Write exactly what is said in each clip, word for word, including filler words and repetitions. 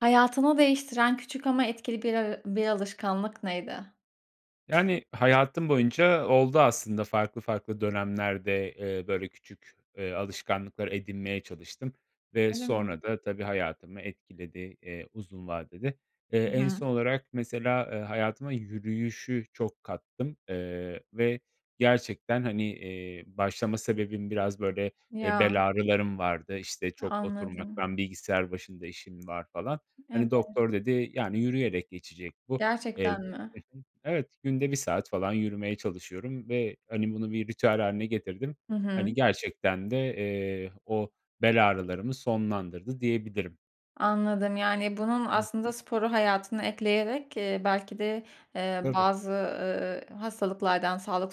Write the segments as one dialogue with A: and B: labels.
A: Hayatını değiştiren küçük ama etkili bir ara bir alışkanlık neydi?
B: Yani, hayatım boyunca oldu aslında farklı farklı dönemlerde. Eee, böyle, küçük, eee, alışkanlıklar edinmeye çalıştım ve
A: Öyle mi?
B: sonra da tabii hayatımı etkiledi, eee, uzun vadede. Eee,
A: I
B: en
A: hı.
B: son olarak mesela, eee, hayatıma yürüyüşü çok kattım, eee, ve gerçekten, hani, eee, başlama sebebim biraz, böyle, eee,
A: Ya.
B: bel ağrılarım vardı, işte,
A: E
B: çok
A: anladım.
B: oturmaktan, bilgisayar başında işim var falan. Hani,
A: Evet.
B: doktor dedi, yani, yürüyerek geçecek bu. Eee
A: Gerçekten mi?
B: Hı hı. Evet, günde bir saat falan yürümeye çalışıyorum ve, hani, bunu bir ritüel hâline getirdim.
A: Hı hı.
B: Hani, gerçekten de, eee, o bel ağrılarımı sonlandırdı diyebilirim.
A: Anladım. Yani, bunun
B: Hı
A: aslında
B: hı.
A: sporu hayatına ekleyerek, eee, belki de, eee,
B: Tabii.
A: bazı, ııı, hastalıklardan, sağlık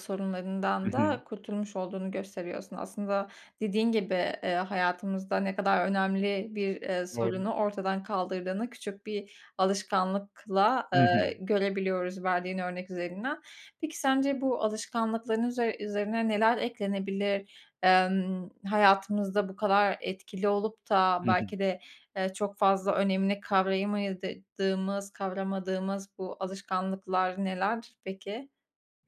B: I
A: sorunlarından
B: hı.
A: da kurtulmuş olduğunu gösteriyorsun. Aslında dediğin gibi, eee, hayatımızda ne kadar önemli bir, eee,
B: Doğru.
A: sorunu ortadan kaldırdığını küçük bir alışkanlıkla,
B: Hı hı.
A: eee, görebiliyoruz verdiğin örnek üzerinden. Peki, sence bu alışkanlıkların üzer üzerine neler eklenebilir? Emm, hayatımızda bu kadar etkili olup da
B: Hı hı.
A: belki de, eee, çok fazla önemini kavrayamayadıdığımız kavramadığımız bu alışkanlıklar neler peki?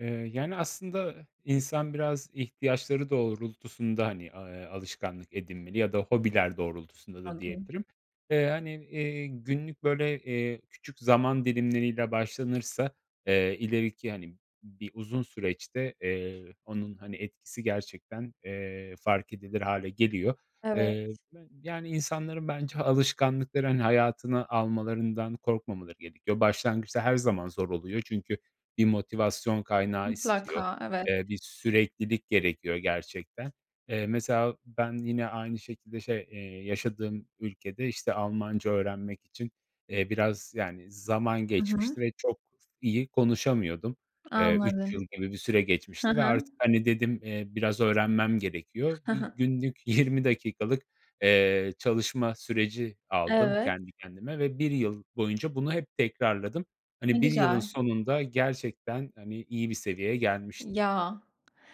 B: Eee, yani, aslında, insan biraz ihtiyaçları doğrultusunda, hani, a eee, alışkanlık edinmeli ya da hobiler doğrultusunda da
A: Anladım.
B: diyebilirim. Eee, hani, eee, günlük böyle, eee, küçük zaman dilimleriyle başlanırsa, eee, ileriki, hani, bir uzun süreçte, eee, onun, hani, etkisi gerçekten, eee, fark edilir hâle geliyor.
A: Evet.
B: Eee, ben, yani, insanların bence alışkanlıkları, hani, hayatına almalarından korkmamaları gerekiyor. Başlangıçta her zaman zor oluyor çünkü bir motivasyon kaynağı istiyor.
A: Mutlaka, evet.
B: Eee, bir süreklilik gerekiyor, gerçekten. Eee, mesela, ben yine aynı şekilde, şey, eee, yaşadığım ülkede, işte, Almanca öğrenmek için, eee, biraz, yani, zaman
A: Hı hı.
B: geçmişti ve çok iyi konuşamıyordum. Eee, üç yıl
A: Anladım.
B: gibi bir süre
A: Hı
B: geçmişti ve
A: hı.
B: artık hani dedim, eee, biraz öğrenmem gerekiyor.
A: Hı
B: Bir
A: hı.
B: günlük, yirmi dakikalık, eee, çalışma süreci aldım
A: Evet.
B: kendi kendime ve bir yıl boyunca bunu hep tekrarladım.
A: Ne
B: Hani, bir yılın
A: güzel.
B: sonunda gerçekten, hani, iyi bir seviyeye gelmiştim.
A: Ya,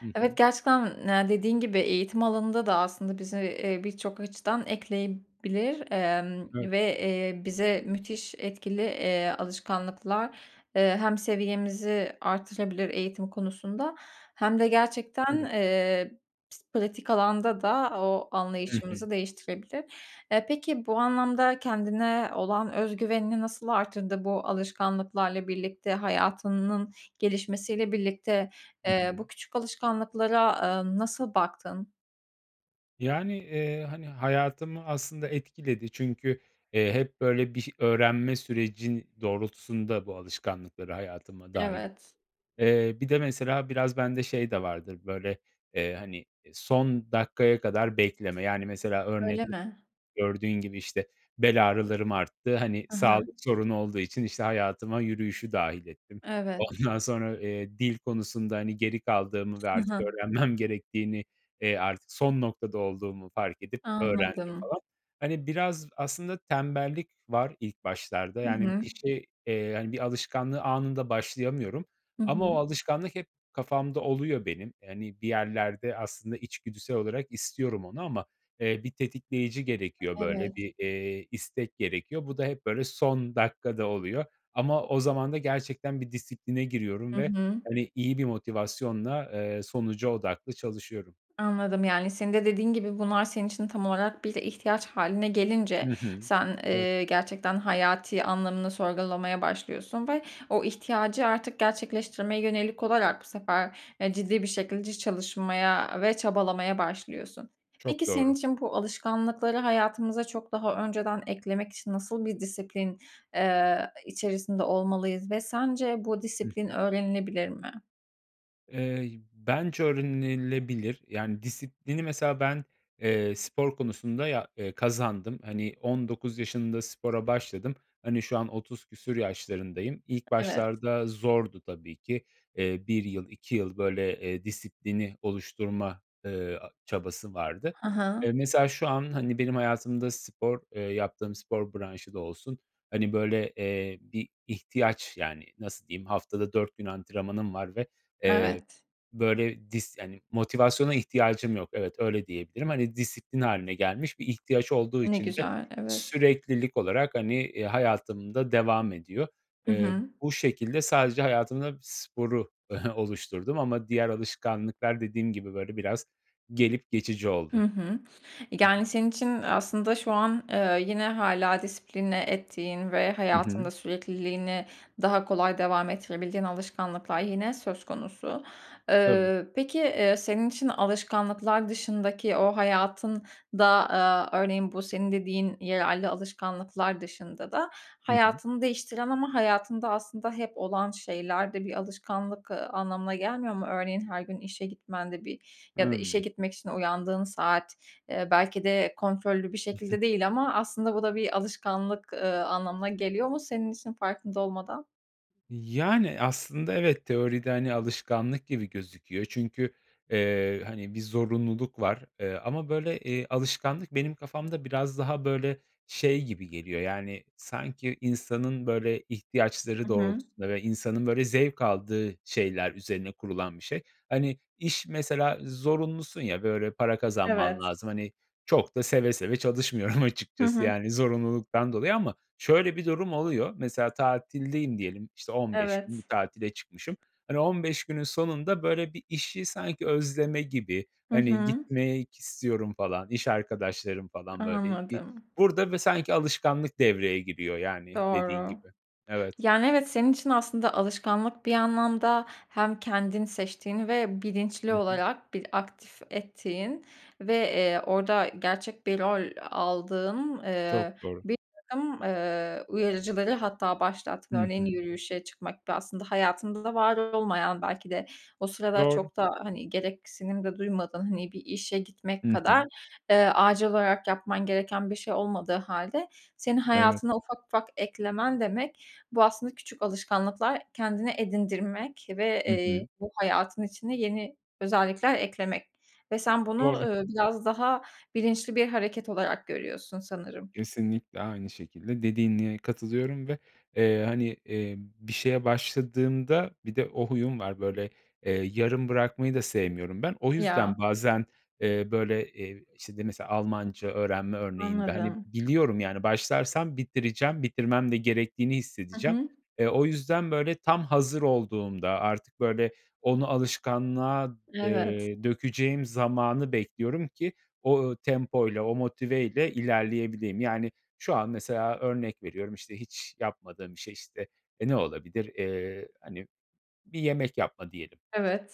B: Hı
A: evet,
B: hı.
A: gerçekten ne dediğin gibi eğitim alanında da aslında bize, eee, birçok açıdan ekleyebilir, emm
B: Evet.
A: ve eee, bize müthiş etkili, eee, alışkanlıklar, eee, hem seviyemizi arttırabilir eğitim konusunda hem de gerçekten,
B: [unintelligible]
A: eee, pis pratik alanda da o
B: I hı.
A: anlayışımızı değiştirebilir. E, peki, bu anlamda kendine olan öz güvenini nasıl arttırdı, bu alışkanlıklarla birlikte, hayatınnın gelişmesiyle birlikte?
B: I
A: Eee,
B: hı.
A: bu küçük alışkanlıklara, eee, nasıl baktın?
B: Yani, eee, hani, hayatımı aslında etkiledi çünkü, eee, hep, böyle, bir ş öğrenme süreci doğrultusunda bu alışkanlıkları hayatıma dâhil
A: Evet.
B: Eee, bir de mesela biraz bende şey de vardır, böyle, eee, hani, eee, son dakikaya kadar bekleme. Yani, mesela,
A: Öyle
B: örnek [unintelligible]
A: mi?
B: gördüğün gibi, işte, bel ağrılarım arttı, hani,
A: Hı hı.
B: sağlık sorunu olduğu için işte hayatıma yürüyüşü dâhil ettim.
A: Evet.
B: Ondan sonra, eee, dil konusunda, hani, geri kaldığımı ve
A: Hı
B: artık
A: hı.
B: öğrenmem gerektiğini, eee, artık son noktada olduğumu fark edip öğrendim,
A: Anladım.
B: falan. Hani, biraz aslında tembellik var ilk başlarda.
A: Hı
B: Yani,
A: hı.
B: bir şey, eee, hani, bir alışkanlığı anında başlayamıyorum.
A: Hı
B: Ama o
A: hı.
B: alışkanlık hep kafamda oluyor benim. Hani, bir yerlerde aslında içgüdüsel olarak istiyorum onu ama, eee, bir tetikleyici gerekiyor, böyle,
A: Evet.
B: bir, eee, istek gerekiyor. Bu da hep, böyle, son dakikada oluyor ama o zaman da gerçekten bir disipline giriyorum
A: Hı
B: ve,
A: hı.
B: hani, iyi bir motivasyonla, eee, sonuca odaklı çalışıyorum.
A: Anladım, yani, senin de dediğin gibi, bunlar senin için tam olarak bir ihtiyaç hâline gelince,
B: Hı hı.
A: sen,
B: Evet.
A: eee, gerçekten hayati anlamını sorgulamaya başlıyorsun ve o ihtiyacı artık gerçekleştirmeye yönelik olarak bu sefer, eee, ciddi bir şekılci çalışmaya ve çabalamaya başlıyorsun. Peki,
B: Çok
A: senin
B: doğru.
A: için bu alışkanlıkları hayatımıza çok daha önceden eklemek için nasıl bir disiplin, eee, içerisinde olmalıyız ve sence bu
B: Hı
A: disiplin
B: hı.
A: öğrenilebilir mi?
B: Eee, bence öğrenilebilir, yani, disiplini mesela ben, eee, spor konusunda ya eee, kazandım. Hani, on dokuz yaşında spora başladım. Hani, şu an otuz küsur yaşlarındayım. İlk
A: E evet.
B: başlarda zordu tabii ki. Eee, bir yıl, iki yıl, böyle, eee, disiplini oluşturma, eee, a çabası vardı.
A: He he.
B: Eee, mesela şu an, hani, benim hayatımda spor, eee, yaptığım spor branşı da olsun, hani, böyle, eee, bir ihtiyaç yani. Nasıl diyeyim, haftada dört gün antrenmanım var ve, eee,
A: Evet.
B: böyle, dis yani, motivasyona ihtiyacım yok. Evet, öyle diyebilirim. Hani, disiplin hâline gelmiş. Bir ihtiyaç olduğu
A: Ne
B: için de
A: güzel, evet.
B: süreklilik olarak, hani, eee, hayatımda devam ediyor.
A: Hı
B: Eee,
A: hı.
B: bu şekilde sadece hayatımda sporu oluşturdum. Ama diğer alışkanlıklar dediğim gibi böyle biraz gelip geçici
A: Hı
B: oldu.
A: hı.
B: Hı hı.
A: Yani, senin için aslında şu an, eee, yine hâlâ disipline ettiğin ve
B: Hı
A: hayatında
B: hı.
A: sürekliliğini daha kolay devam ettirebildiğin alışkanlıklar yine söz konusu.
B: Tabii.
A: Iıı, peki, eee, senin için alışkanlıklar dışındaki o hayatında, eee, örneğin bu senin dediğin yararlı alışkanlıklar dışında da
B: Hı hı.
A: hayatını değiştiren ama hayatında aslında hep olan şeyler de bir alışkanlık, ııı, anlamına gelmiyor mu? Örneğin, her gün işe gitmen de bir ya da işe
B: Hımm.
A: gitmek için uyandığın saat, ııı, belki de kontrollü bir şekilde değil ama aslında bu da bir alışkanlık, ııı, anlamına geliyor mu senin işin farkında olmadan?
B: Yani, aslında evet, teoride, hani, alışkanlık gibi gözüküyor çünkü, eee, hani, bir zorunluluk var. Eee, ama, böyle, eee, alışkanlık benim kafamda biraz daha, böyle, şey gibi geliyor, yani, sanki insanın, böyle,
A: I
B: ihtiyaçları
A: hı.
B: doğrultusunda ve insanın, böyle, zevk aldığı şeyler üzerine kurulan bir şey. Hani, iş mesela zorunlusun ya. Böyle, para kazanman
A: Evet.
B: lazım, hani, çok da seve seve çalışmıyorum
A: Hı
B: açıkçası.
A: hı.
B: Yani, zorunluluktan dolayı ama şöyle bir durum oluyor. Mesela tatildeyim diyelim, işte, on beş gün bir
A: Evet.
B: tatile çıkmışım. Hani, on beş günün sonunda, böyle, bir işi sanki özleme gibi,
A: Hı
B: hani,
A: hı.
B: gitmek istiyorum falan, iş arkadaşlarım falan böyle bir
A: Anladım.
B: burada bö sanki alışkanlık devreye giriyor, yani dediğin
A: Doğru.
B: gibi, evet.
A: Yani evet, senin için aslında alışkanlık bir anlamda hem kendin seçtiğin ve bilinçli
B: Hı hı.
A: olarak bir aktif ettiğin ve, eee, orada gerçek bir rol aldığın,
B: Çok
A: eee,
B: doğru.
A: birtakım, eee, uyarıcıları hatta başlattın.
B: Hı
A: Örneğin
B: hı.
A: yürüyüşe çıkmak ve aslında hayatında da var olmayan belki de o sırada
B: Doğru.
A: çok da, hani, gereksinim de duymadığın. Hani, bir işe
B: I
A: gitmek kadar,
B: hı.
A: eee, acil olarak yapman gereken bir şey olmadığı hâlde senin
B: Evet.
A: hayatına ufak ufak eklemen demek, bu aslında küçük alışkanlıklar kendine edindirmek ve,
B: Hı
A: eee,
B: hı.
A: bu hayatın içine yeni özellikler eklemek. Ve sen bunu,
B: Doğru.
A: ııı, biraz daha bilinçli bir hareket olarak görüyorsun sanırım.
B: Kesinlikle aynı şekilde dediğine katılıyorum ve, eee, hani, emm, bir şeye başladığımda Bir de o huyum var, böyle, eee, yarım bırakmayı da sevmiyorum ben. O
A: Ya.
B: yüzden bazen, eee, böyle, eee, işte, d mesela Almanca öğrenme örneğinde, hani,
A: Anladım.
B: biliyorum, yani, başlarsam bitireceğim, bitirmem de gerektiğini
A: Hı
B: hissedeceğim.
A: hı.
B: Eee, o yüzden böyle tam hazır olduğumda, artık, böyle, onu alışkanlığa,
A: Evet.
B: eee, dökeceğim zamanı bekliyorum ki o, ııı, tempoyla, o motiveyle ilerleyebileyim. Yani, şu an mesela örnek veriyorum, işte, hiç yapmadığım bir şey, işte, e, ne olabilir? Eee, hani, bir yemek yapma diyelim.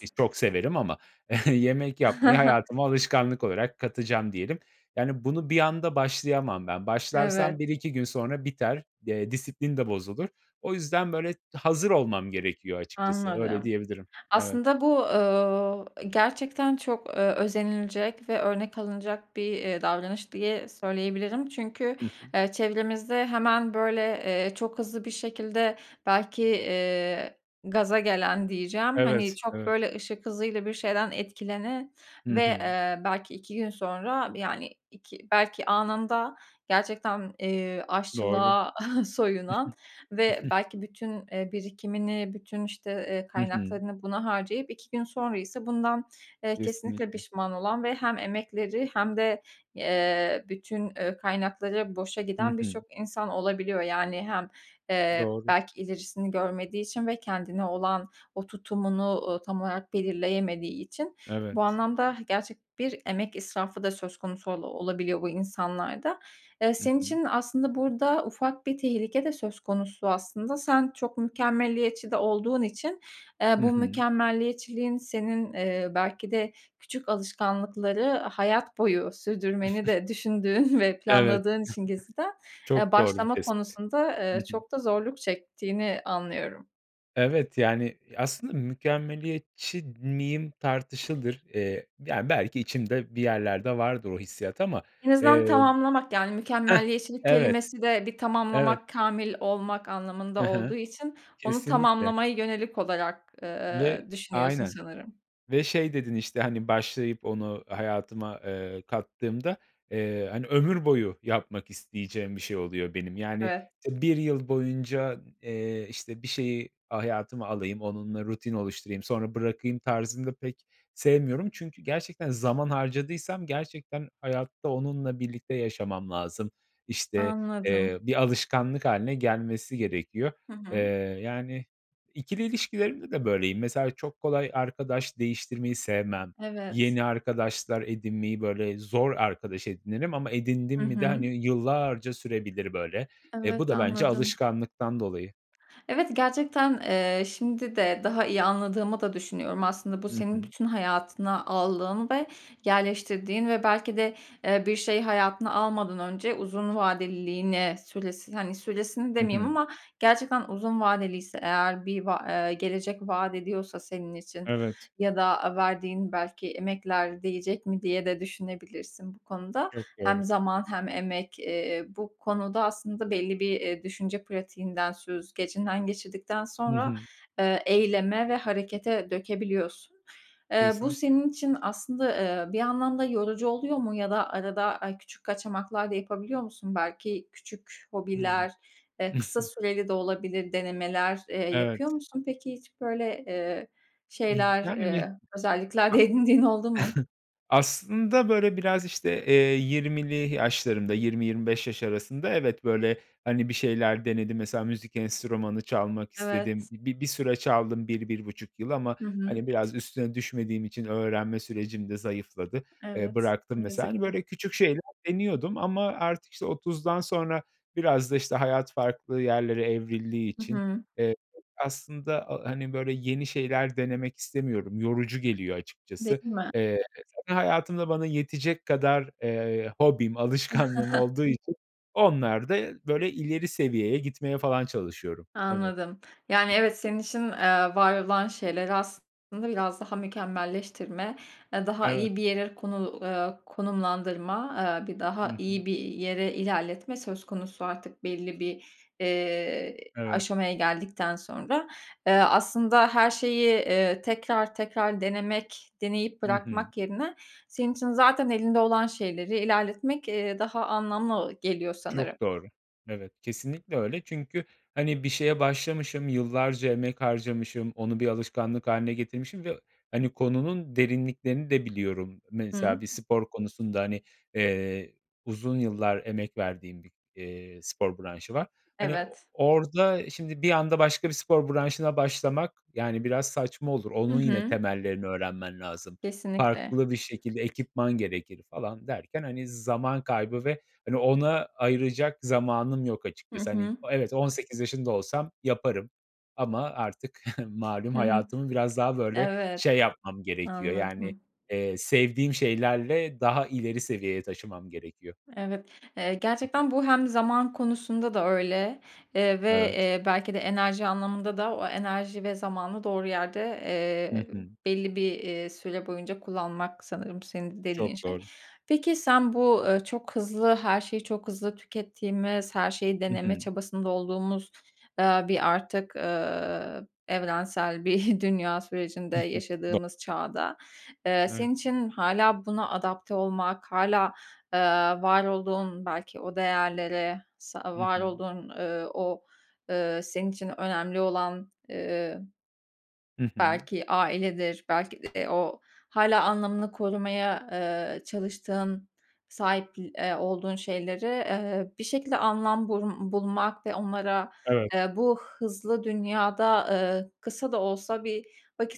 B: Ki çok severim ama yemek yapmayı hayatıma alışkanlık olarak katacağım diyelim. Yani, bunu bir anda başlayamam ben. Başlarsam bir
A: Evet.
B: iki gün sonra biter, de disiplin de bozulur. O yüzden, böyle, hazır olmam gerekiyor açıkçası. Öyle
A: Anladım.
B: diyebilirim. Evet.
A: Aslında bu, ööö, e, gerçekten çok, eee, özenilecek ve örnek alınacak bir, eee, davranış diye söyleyebilirim. Çünkü,
B: Hı hı.
A: eee, çevremizde hemen, böyle, eee, çok hızlı bir şekilde belki, eee, gaza gelen diyeceğim, hani,
B: Evet,
A: çok,
B: evet.
A: böyle, ışık hızıyla bir şeyden etkilenen
B: Hı
A: ve,
B: hı.
A: eee, belki iki gün sonra, bir, yani, iki belki anında gerçekten, eee,
B: Doğru.
A: aşçılığa soyunan ve belki bütün, eee, birikimini, bütün, işte, eee,
B: I hı.
A: kaynaklarını buna harcayıp iki gün sonra ise bundan, eee, kesinlikle
B: Kesinlikle.
A: pişman olan ve hem emekleri hem de, eee, bütün, eee, kaynakları boşa
B: Hı
A: giden
B: hı.
A: birçok insan olabiliyor. Yani, hem, eee,
B: Doğru.
A: belki ilerisini görmediği için ve kendine olan o tutumunu, ooo, tam olarak belirleyemediği için. Bu
B: Evet.
A: anlamda gerçek bir emek israfı da söz konusu ola olabiliyor bu insanlarda. Eee,
B: I
A: senin
B: hı.
A: için aslında burada ufak bir tehlike de söz konusu aslında. Sen çok mükemmeliyetçi de olduğun için,
B: I
A: eee, bu
B: hı.
A: mükemmeliyetçiliğin senin, eee, belki de küçük alışkanlıkları hayat boyu sürdürmeni de düşündüğün ve
B: Evet.
A: planladığın için gizliden, eee,
B: Çok doğru bir
A: başlama
B: tespit.
A: konusunda,
B: Hı
A: eee,
B: hı.
A: çok da zorluk çektiğini anlıyorum.
B: Evet, yani, aslında mükemmeliyetçi miyim, tartışılır. Eee, ya, belki içimde bir yerlerde vardır o hissiyat ama,
A: En azından
B: eee
A: tamamlamak, yani,
B: Heh,
A: mükemmeliyetçilik
B: evet,
A: kelimesi de bir
B: evet.
A: tamamlamak, kâmil olmak
B: Hı
A: anlamında olduğu
B: hı.
A: için onu
B: Kesinlikle.
A: tamamlamaya yönelik olarak, eee,
B: Ve
A: düşünüyorsun
B: aynen,
A: sanırım.
B: ve şey dedin, işte, hani, başlayıp onu hayatıma, eee, kattığımda, eee, hani, ömür boyu yapmak isteyeceğim bir şey oluyor benim. Yani,
A: Evet.
B: işte bir yıl boyunca, eee, işte, bir şeyi a hayatıma alayım, onunla rutin oluşturayım, sonra bırakayım tarzını da pek sevmiyorum. Çünkü gerçekten zaman harcadıysam gerçekten hayatta onunla birlikte yaşamam lazım. İşte,
A: Anladım.
B: eee, bir alışkanlık hâline gelmesi gerekiyor.
A: Hı
B: Eee,
A: hı.
B: yani, ikili ilişkilerimde de böyleyim. Mesela çok kolay arkadaş değiştirmeyi sevmem,
A: Evet.
B: yeni arkadaşlar edinmeyi, böyle, zor arkadaş edinirim ama edindim
A: Hı
B: mi de, hani,
A: hı.
B: yıllarca sürebilir böyle. E, bu
A: Evet,
B: da bence
A: anladım.
B: alışkanlıktan dolayı.
A: Evet, gerçekten, eee, şimdi de daha iyi anladığımı da düşünüyorum. Aslında bu
B: Hı
A: senin
B: hı.
A: bütün hayatına aldığın ve yerleştirdiğin ve belki de, eee, bir şey hayatına almadan önce uzun vadeliliğini, süres hani, süresini
B: Hı
A: demeyeyim
B: hı.
A: ama gerçekten uzun vadeliyse eğer bir va eee, gelecek vaat ediyorsa senin için
B: Evet.
A: ya da, aaa, verdiğin belki emekler değecek mi, diye de düşünebilirsin bu konuda.
B: Çok
A: Hem
B: doğru.
A: zaman hem emek, eee, bu konuda aslında belli bir, eee, düşünce pratiğinden, süzgecinden geçirdikten
B: Hı
A: sonra,
B: hı.
A: eee, eyleme ve harekete dökebiliyorsun. Eee, bu
B: Kesinlikle.
A: senin için aslında, eee, bir yandan da yorucu oluyor mu ya da arada ay küçük kaçamaklar da yapabiliyor musun? Belki küçük
B: Hımm.
A: hobiler, eee, kısa süreli de olabilir denemeler, eee, yapıyor
B: Evet.
A: musun peki? Hiç, böyle, eee,
B: İh
A: şeyler,
B: yani,
A: eee,
B: a
A: özellikler de edindiğin oldu mu?
B: aslında, böyle, biraz, işte, eee, yirmili yaşlarımda, yirmi yirmi beş yaş arasında, evet, böyle, hani, bir şeyler denedim. Mesela müzik enstrümanı çalmak istedim.
A: Evet.
B: Bi bir süre çaldım bir bir buçuk yıl ama,
A: Hı hı.
B: hani, biraz üstüne düşmediğim için öğrenme sürecim de zayıfladı, eee,
A: Evet,
B: bıraktım
A: ne
B: mesela. Hani,
A: yazık ki.
B: böyle, küçük şeyler deniyordum ama artık, işte, otuzdan sonra biraz da, işte, hayat farklı yerlere evrildiği
A: Hı
B: için,
A: hı.
B: eee, aslında a hani, böyle, yeni şeyler denemek istemiyorum, yorucu geliyor
A: Değil
B: açıkçası.
A: mi?
B: Eee, zaten hayatımda bana yetecek kadar, eee, hobim, alışkanlığım olduğu için onlarda, böyle, ileri seviyeye gitmeye falan çalışıyorum. Evet.
A: Anladım. Yani evet, senin için, eee, var olan şeyleri aslında biraz daha mükemmelleştirme, eee, daha
B: Evet.
A: iyi bir yere konu eee, konumlandırma, eee, bir
B: Hı
A: daha
B: hı.
A: iyi bir yere ilerletme söz konusu artık belli bir, eee,
B: Evet.
A: aşamaya geldikten sonra. Eee, aslında her şeyi, eee, tekrar tekrar denemek, deneyip
B: Hı hı.
A: bırakmak yerine, senin için zaten elinde olan şeyleri ilerletmek, eee, daha anlamlı geliyor sanırım.
B: Çok doğru, evet. Kesinlikle öyle çünkü, hani, bir şeye başlamışım, yıllarca emek harcamışım, onu bir alışkanlık hâline getirmişim ve, hani, konunun derinliklerini de biliyorum. Mesela
A: Hıı.
B: bir spor konusunda, hani, eee, uzun yıllar emek verdiğim bir, eee, spor branşı var. Hani, o
A: Evet.
B: orada şimdi bir anda başka bir spor branşına başlamak, yani, biraz saçma olur.
A: Hı
B: Onun yine
A: hı.
B: temellerini öğrenmen lazım.
A: Kesinlikle.
B: Farklı bir şekilde ekipman gerekir falan derken, hani, zaman kaybı ve, hani, ona ayıracak zamanım yok
A: Hı
B: açıkçası. Hani,
A: hı.
B: o evet, on sekiz yaşında olsam yaparım ama artık malum
A: Hı hı.
B: hayatımı biraz daha, böyle,
A: Evet,
B: şey yapmam gerekiyor, yani,
A: anladım.
B: eee, sevdiğim şeylerle daha ileri seviyeye taşımam gerekiyor.
A: Evet, eee,
B: Hı hı.
A: gerçekten bu hem zaman konusunda da öyle, eee, ve,
B: Evet.
A: eee, belki de enerji anlamında da o enerji ve zamanı doğru yerde,
B: Hı
A: eee,
B: hı.
A: belli bir, eee, süre boyunca kullanmak sanırım senin dediğin
B: Çok
A: şey.
B: doğru.
A: Peki, sen bu, ııı, çok hızlı, her şeyi çok hızlı tükettiğimiz, her şeyi
B: Hı
A: deneme
B: hı.
A: çabasında olduğumuz, eee, bir artık, eee, evrensel bir dünya sürecinde
B: Hı hı, do
A: yaşadığımız çağda, eee,
B: Evet.
A: senin için hâlâ buna adapte olmak, hâlâ, eee, var olduğun, belki o değerlere, sa
B: Hı
A: var
B: hı.
A: olduğun, eee, o, eee, senin için önemli olan, eee
B: Hı hı.
A: belki ailedir, belki de o, hâlâ anlamını korumaya, eee, çalıştığın, sahipl eee, olduğun şeyleri, eee, bir şekilde anlam bul bulmak ve onlara,
B: Evet.
A: eee, bu hızlı dünyada, eee, kısa da olsa bir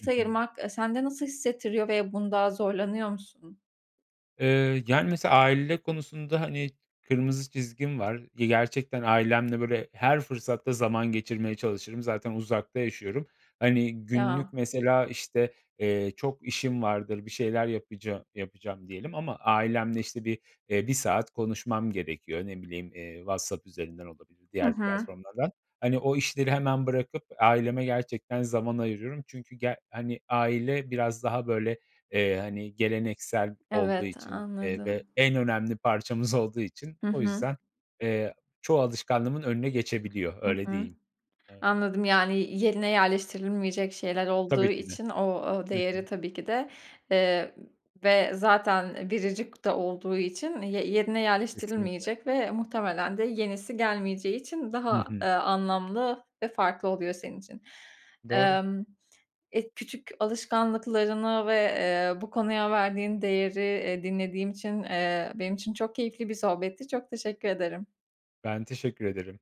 B: Hı hı.
A: ayırmak, eee, sende nasıl hissettiriyor ve bunda zorlanıyor musun?
B: Eee, yani, mesela aile konusunda, hani, kırmızı çizgim var. Ya, gerçekten ailemle, böyle, her fırsatta zaman geçirmeye çalışırım, zaten uzakta yaşıyorum. Hani, günlük
A: Ya.
B: mesela, işte, eee, çok işim vardır, bir şeyler yapaca yapacağım diyelim ama ailemle, işte, bir, eee, bir saat konuşmam gerekiyor. Ne bileyim, eee, WhatsApp üzerinden olabilir,
A: Hı
B: diğer
A: hı.
B: platformlardan. Hani, o işleri hemen bırakıp aileme gerçekten zaman ayırıyorum. Çünkü ger hani, aile biraz daha, böyle, eee, hani, geleneksel olduğu
A: Evet,
B: için, eee, ve
A: anladım.
B: en önemli parçamız olduğu için
A: Hı
B: o
A: hı.
B: yüzden, eee, çoğu alışkanlığımın önüne geçebiliyor.
A: Hı
B: Öyle
A: hı.
B: diyeyim. Evet.
A: Anladım, yani, yerine yerleştirilmeyecek şeyler olduğu
B: Tabii ki de.
A: için o o
B: Hı
A: değeri
B: hı.
A: tabii ki de, eee, ve zaten biricik de olduğu için ye yerine
B: Kesinlikle.
A: yerleştirilmeyecek ve muhtemelen de yenisi gelmeyeceği için
B: Hı
A: daha,
B: hı.
A: eee, anlamlı ve farklı oluyor senin için.
B: Doğru.
A: Emm, eee, küçük alışkanlıklarını ve, eee, bu konuya verdiğin değeri, eee, dinlediğim için, eee, benim için çok keyifli bir sohbetti. Çok teşekkür ederim.
B: Ben teşekkür ederim.